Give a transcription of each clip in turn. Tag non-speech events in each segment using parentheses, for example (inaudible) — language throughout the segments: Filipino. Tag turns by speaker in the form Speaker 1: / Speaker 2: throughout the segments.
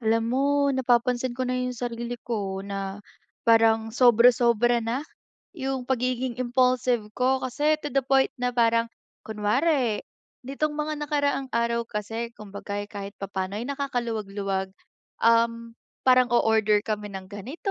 Speaker 1: Alam mo napapansin ko na 'yong sarili ko na parang sobra-sobra na 'yong pagiging impulsive ko kasi to the point na parang kunwari nitong mga nakaraang araw kasi kumbaga, eh, kahit papano, eh, nakakaluwag-luwag, um, parang o-order kami ng ganito.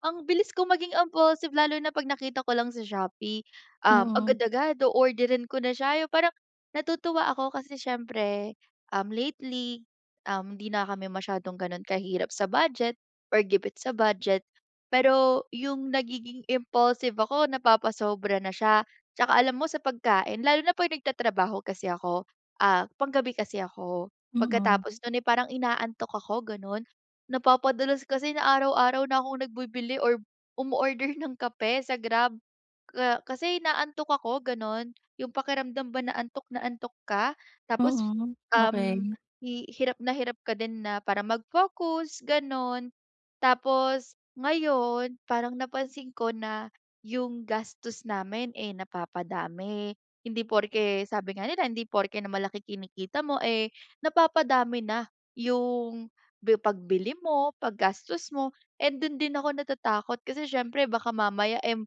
Speaker 1: Ang bilis ko maging impulsive lalo na 'pag nakita ko lang sa Shopee. Um,
Speaker 2: Mm.
Speaker 1: agad-agad o-orderin ko na siya yung parang natutuwa ako kasi siyempre, um, lately, um, di na kami masyadong ganun kahirap sa budget or gipit sa budget, pero yung nagiging impulsive ako napapasobra na siya. Tsaka alam mo sa pagkain lalo na pag nagtatrabaho kasi ako, ah, panggabi kasi ako
Speaker 2: Mm.
Speaker 1: pagkatapos nun, eh, parang inaantok ako ganun, napapadalas kasi na araw-araw na akong nagbibili or umo-order ng kape sa Grab ka kasi inaantok ako ganun. Yung pakiramdam ba na antok na antok ka tapos,
Speaker 2: Mm,
Speaker 1: um,
Speaker 2: okey.
Speaker 1: hi hirap na hirap ka din na para mag-focus ganun. Tapos ngayon, parang napansin ko na 'yong gastos namin, eh, napapadami. Hindi porke sabi nga nila hindi porke na malaki kinikita mo, eh, napapadami na 'yong bi pagbili mo paggastos mo and do'n din ako natatakot kasi siyempre baka mamaya, um,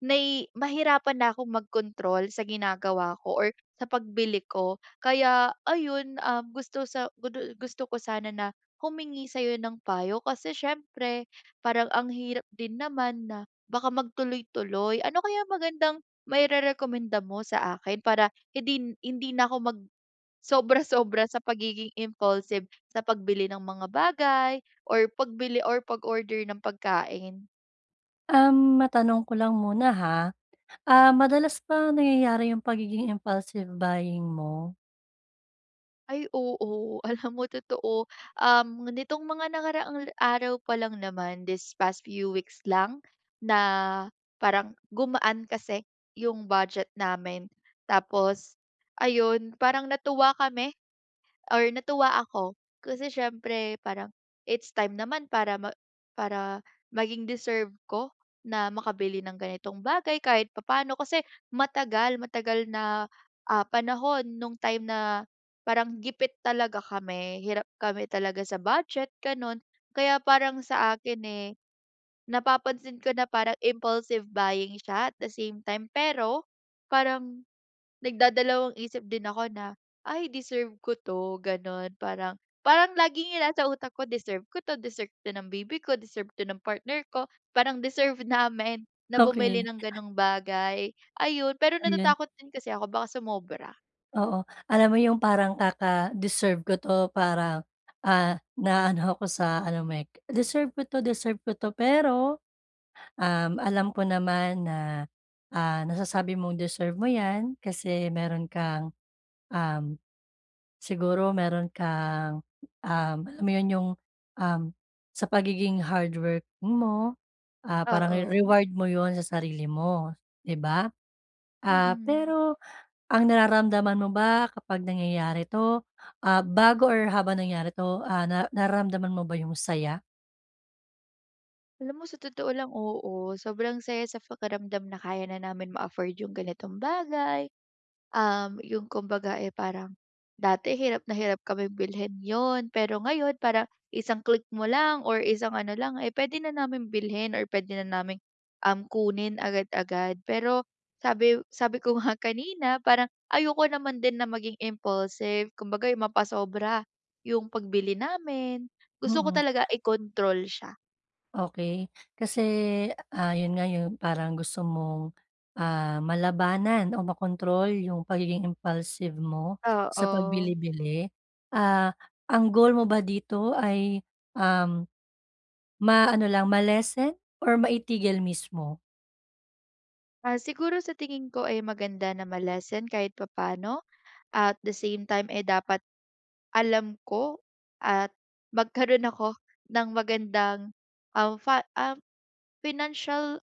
Speaker 1: nai mahirapan na akong magkontrol sa ginagawa ko or sa pagbili ko. Kaya ayun, um, gusto sa gu du gusto ko sana na humingi sayo ng payo, kasi siyempre parang ang hirap din naman na baka magtuloy-tuloy. Ano kayang magandang mairerekomenda mo sa akin para hindi na hindi na ako mag sobra-sobra sa pagiging impulsive sa pagbili ng mga bagay or pagbili or pag-order ng pagkain?
Speaker 2: Um, matanong ko lang muna ha, ah, madalas ba nangyayari yung pagiging impulsive buying mo?
Speaker 1: Ay, oo. Alam mo totoo. Um, nitong mga nakaraang araw pa lang naman, these past few weeks lang, na parang gumaan kasi 'yong budget namin. Tapos ayon, parang natuwa kami or natuwa ako, kasi syempre parang, it's time naman para ma para maging deserve ko na makabili ng ganitong bagay kahit papaano. Kasi matagal, matagal na, ah, panahon nung time na parang gipit talaga kami, hirap kami talaga sa budget, ganun. Kaya parang sakin, eh, napapansin ko na parang impulsive buying siya, at the same time. Pero parang nagdadalawang isip din ako na, "Ay deserve ko 'to." ganun. Parang parang laging yung nasa utak ko, "Deserve ko to, deserve to ng baby ko, deserve to ng partner ko, parang deserve namin na bumili
Speaker 2: Okey.
Speaker 1: ng gano'ng bagay." ayun. Pero
Speaker 2: Di 'yan.
Speaker 1: natatakot din kasi ako baka sumobra.
Speaker 2: Oo. Alam mo 'yong parang kaka-deserve ko 'to para, ah, naa-ano ko sa ano mo, eh, "Deserve ko 'to, deserve ko 'to," pero, um, alam ko naman na, ah, nasasabi mong deserve mo 'yan kasi meron kang, um, siguro meron kang, um, alam mo 'yon, 'yong, um, sa pagiging hardworking mo, ah, parang re
Speaker 1: Oo.
Speaker 2: reward mo 'yon sa sarili mo, 'di ba. Ah,
Speaker 1: Mm.
Speaker 2: pero ang nararamdaman mo ba kapag nangyayari 'to, ah, bago or habang nangyari 'to, ah, nar nararamdaman mo ba 'yong saya?
Speaker 1: Alam mo sa totoo lang, oo, sobrang saya sa pakiramdam na kaya na namin ma-afford 'yong ganitong bagay. Um, 'yong kumbaga, eh, parang dati hirap na hirap kaming bilhin 'yon, pero ngayon parang isang click mo lang or isang ano lang, eh, puwede na naming bilhin or puwede na naming, um, kunin agad-agad. Pero, sabi sabi ko nga kanina parang ayoko naman din na maging impulsive kumbaga 'yong mapasobra, 'yong pagbili namin, gusto ko
Speaker 2: Mm.
Speaker 1: talaga i-control siya.
Speaker 2: Okey. Kasi, ah 'yon nga yung parang gusto mong, ah, malabanan o makontrol, yung pagiging impulsive mo sa
Speaker 1: Oo.
Speaker 2: pagbili-bili. Ah, ang goal mo ba dito ay, um, ma-ano lang, ma-lessen or maitigil mismo?
Speaker 1: Ah, siguro sa tingin ko, eh, maganda na ma-lessen kahit papa'no. At the same time, eh, dapat alam ko at magkaroon ako ng magandang, um, fa um, financial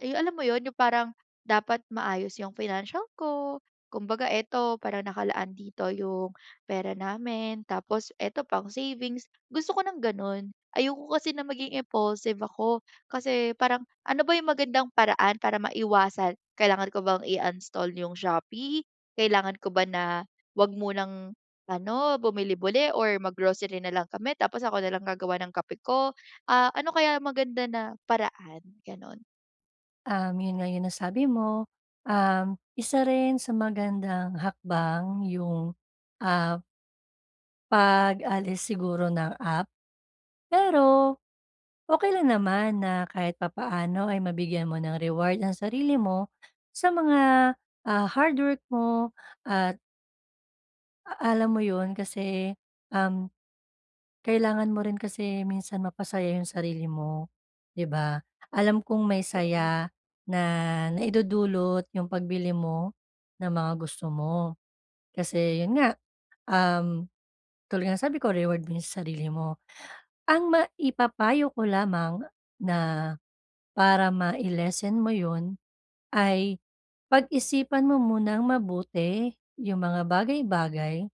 Speaker 1: eh, alam mo 'yon? Yung parang dapat maayos yung financial ko. Kumbaga, eto parang nakalaan dito yung pera namin, tapos eto pang savings, gusto ko ng gano'n. Ayoko kasi na maging impulsive ako, kasi parang ano ba yung magandang paraan para maiwasan, kailangan ko bang i-uninstall yung Shopee? Kailangan ko ba na huwag munang ano, bumili-bili or mag-grocery na lang kami tapos ako na lang gagawa ng kape ko? Ah, ano kaya maganda na paraan, gano'n?
Speaker 2: Um, yun nga nasabi mo, um, isa rin sa magandang hakbang yung, ah pag-alis siguro ng app. Pero, okey lang naman na kahit papaano ay mabigyan mo ng reward ang sarili mo sa mga, ah, hardwork mo at a alam mo yun, kasi, um, kailangan mo rin kasi minsan mapasaya yung sarili mo, di ba? Alam kong may
Speaker 1: Totoo.
Speaker 2: saya na naidudulot yung pagbili mo, ng mga gusto mo. Kasi 'yon nga, um, tulad nga ng sabi ko reward mo sa sarili mo. Ang maipapayo ko lamang na para mai-lessen mo 'yon, ay pag-isipan mo munang mabuti yung mga bagay-bagay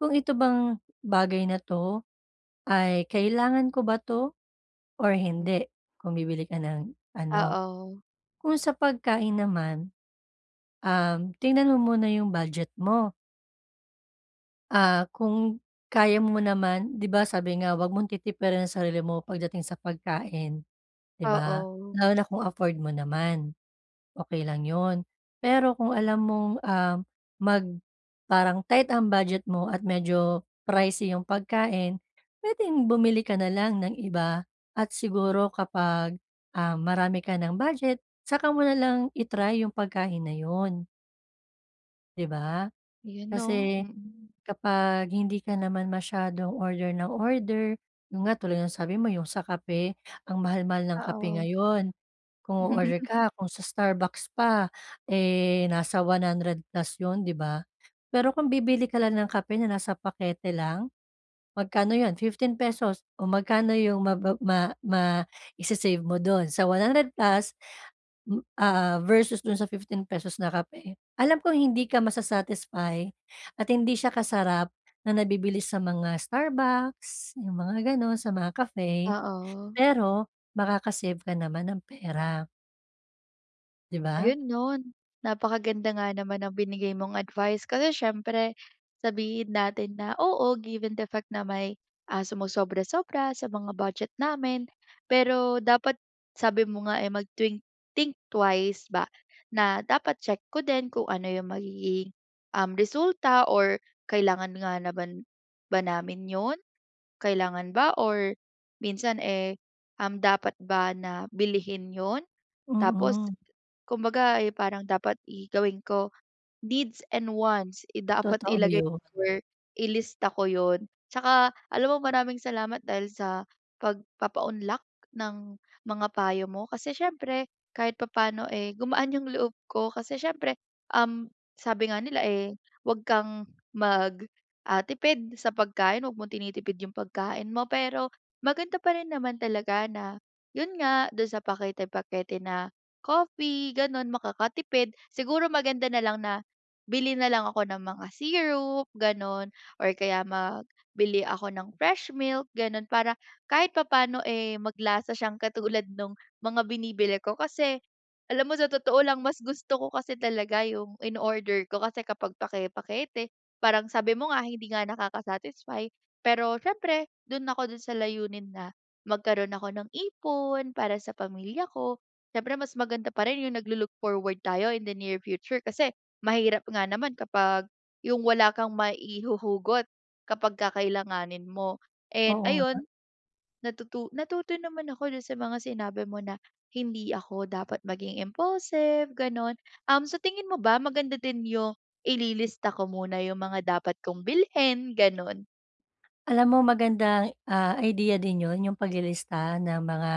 Speaker 2: kung, "Ito bang bagay na 'to ay kailangan ko ba to or
Speaker 1: Mm.
Speaker 2: hindi?" Kung bibili ka ng ano
Speaker 1: Oo.
Speaker 2: kung sa pagkain naman, um, tingnan mo muna yung budget mo. Ah, kung kaya mo naman, 'di ba, sabi nga, huwag mong titipirin ang sarili mo pagdating sa pagkain. 'Di ba,
Speaker 1: Oo.
Speaker 2: lalo na kung afford mo naman, okey lang 'yon. Pero kung alam mong um, mag parang tight ang budget mo at medyo pricey 'yong pagkain, puwedeng bumili ka na lang ng iba at siguro kapag, um, marami ka ng budget saka mo na lang i-try yung pagkain na 'yon. 'Di ba?
Speaker 1: 'Yun, 'no?
Speaker 2: Kasi
Speaker 1: Mm.
Speaker 2: kapag hindi ka naman masyadong order nang order, 'yon nga, tulad ng sabi mo 'yong sa kape, ang mahal-mahal ng kape
Speaker 1: Oo.
Speaker 2: ngayon. Kung o-order
Speaker 1: (laughs)
Speaker 2: ka, kung sa Starbucks pa, eh, nasa 100 plus 'yon 'di ba? Pero kung bibili ka lang ng kape na nasa pakete lang, magkano 'yon, 15 pesos o magkano 'yong ma ma ma isi-save mo do'n, sa 100 plus ah, versus do'n sa fifteen pesos na kape. Alam kong hindi ka masa-satisfy at hindi siya kasarap na nabibili sa mga Starbucks, 'yung mga gano'n, sa mga Cafe,
Speaker 1: Oo.
Speaker 2: pero makaka-save ka naman ng pera. 'Di ba?
Speaker 1: Ayun 'no, napakaganda nga naman ng binigay mong advice kasi siyempre, sabihin natin na, oo, given the fact na may, ah, sumosobra-sobra sa mga budget namin. Pero dapat sabi mo nga, eh, mag-think think twice ba, na dapat check ko din kung ano yung magiging, um, resulta or kailangan nga naman ba namin 'yon? Kailangan ba or minsan, eh, um, dapat ba na bilhin 'yon? Tapos
Speaker 2: Mm.
Speaker 1: kumbaga, eh, parang dapat i gawin ko, needs and wants. Eh, dapat
Speaker 2: Totoo
Speaker 1: ilagay
Speaker 2: 'yon.
Speaker 1: or ilista ko 'yon. Tsaka alam mo maraming salamat dahil sa pagpapaunlak ng mga payo mo kasi siyempre kahit papaano, eh, gumaan yung loob ko kasi siyempre, um, sabi nga nila, eh, huwag kang mag, ah, tipid sa pagkain. 'Wag mong tinitipid yung pagkain mo, pero maganda pa rin naman talaga na yun nga, do'n sa pakete-pakete na coffee gano'n, makakatipid. Siguro maganda na lang na bili na lang ako ng mga syrup, gano'n or kaya mag bili ako ng fresh milk, gano'n para kahit papa'no, eh, maglasa siyang katulad nung mga binibili ko, kasi alam mo sa totoo lang, mas gusto ko kasi talaga yung ino-order ko. Kasi kapag pake-pakete, parang sabi mo nga, hindi nga nakaka-satisfy pero siyempre do'n ako, do'n sa layunin na magkaroon ako ng ipon, para sa pamilya ko. Siyempre mas maganda pa rin yung naglo-look forward tayo in the near future kasi mahirap nga naman kapag, yung wala kang maihuhugot kapag kakailanganin mo. And,
Speaker 2: Oo nga.
Speaker 1: ayun, natutu natuto naman ako do'n sa mga sinabi mo na, hindi ako dapat maging impulsive, gano'n. Um, sa tingin mo ba, maganda din yung ililista ko muna yung mga dapat kong bilhin, gano'n?
Speaker 2: Alam mo, magandang, ah, idea din 'yon 'yong paglilista ng mga,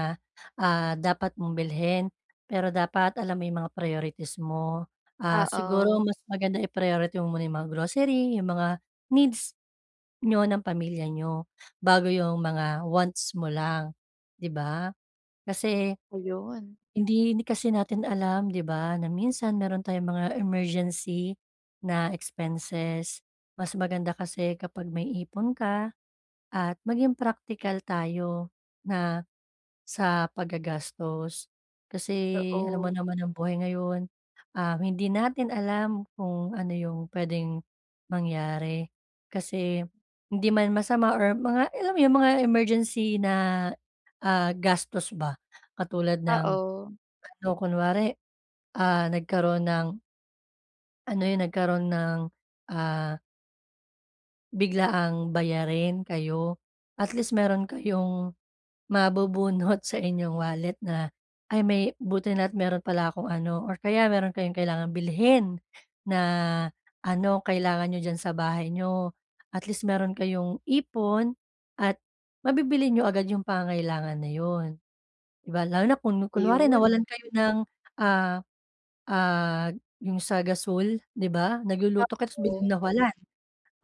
Speaker 2: ah, dapat mong bilhin pero dapat alam mo 'yong mga priorities mo. Ah, siguro
Speaker 1: Oo.
Speaker 2: mas maganda i-priority mo muna 'yong mga grocery, 'yong mga needs niyo ng pamilya niyo bago 'yong mga wants mo lang, 'di ba? Kasi
Speaker 1: Ayun.
Speaker 2: hindi, hindi kasi natin alam 'di ba na minsan mayro'n tayong mga emergency na expenses. Mas maganda kasi kapag may ipon ka at maging praktikal tayo na sa paggagastos. Kasi alam mo
Speaker 1: Oo.
Speaker 2: naman ang buhay ngayon, um, hindi natin alam kung ano 'yong puwedeng mangyari. Kasi hindi man masama or mga alam mo 'yong mga emergency na, ah, gastos ba katulad ng
Speaker 1: Oo.
Speaker 2: ano kunwari, ah, nagkaroon ng ano 'yon nagkaroon ng, ah biglaang bayarin kayo at least mayro'n kayong mabubunot sa inyong wallet na, "ay, may buti na't mayro'n pala akong ano" or kaya mayro'n kayong kailangan bilhin na ano, kailangan niyo diyan sa bahay niyo at least mayro'n kayong ipon at mabibili niyo agad 'yong pangangailangan na 'yon 'di ba? Lalo na kun kunwari nawalan
Speaker 1: Ayun.
Speaker 2: kayo ng, ah, ah, 'yong sa gasul, 'di ba? Nagluluto ka tapos biglang
Speaker 1: Oo.
Speaker 2: nawalan,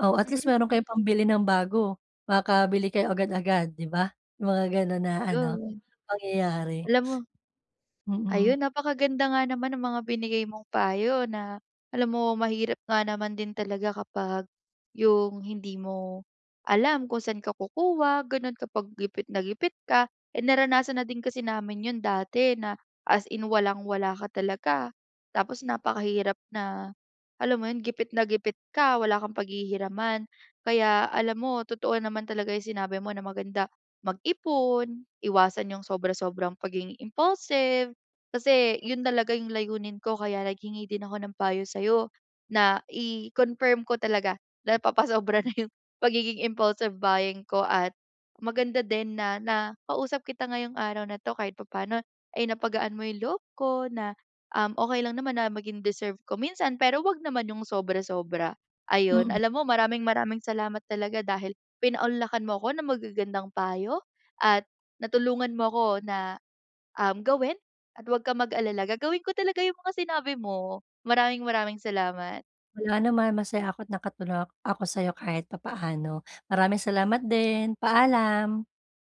Speaker 2: oh, at least
Speaker 1: Mm.
Speaker 2: mayro'n kayong pambili ng bago makakabili kayo agad-agad di ba? Yung mga gano'n na ano
Speaker 1: 'Yon.
Speaker 2: pangyayari.
Speaker 1: Alam mo
Speaker 2: Mm.
Speaker 1: Ayun, napakaganda nga naman ang mga binigay mong payo na alam mo mahirap nga naman din talaga kapag yung hindi mo alam kung san ka kukuha gano'n kapag gipit na gipit ka. Eh, naranasan na din kasi namin 'yon dati na as in walang-wala ka talaga tapos napakahirap na alam mo 'yon gipit na gipit ka wala kang paghihiraman. Kaya alam mo totoo naman talaga yung sinabi mo na maganda mag-ipon, iwasan 'yong sobra-sobrang pagiging impulsive, kasi 'yon talaga yung layunin ko kaya naghingi din ako ng payo sa'yo na i-confirm ko talaga napapasobra na 'yong pagiging impulsive buying ko at maganda din na nakausap kita ngayong araw na 'to kahit papaano, eh, napagaan mo yung loob ko na, um, okey lang naman na maging deserve ko minsan pero wag naman yung sobra-sobra. Ayun,
Speaker 2: Mm.
Speaker 1: alam mo maraming-maraming salamat talaga dahil pinaunlakan mo ako ng magagandang payo at natulungan mo ako na, um, gawin at 'wag kang mag-alala gagawin ko talaga yung mga sinabi mo. Maraming-maraming salamat.
Speaker 2: Walang anuman, masaya ako't nakatulong a ako sayo kahit papaano. Maraming salamat din. Paalam.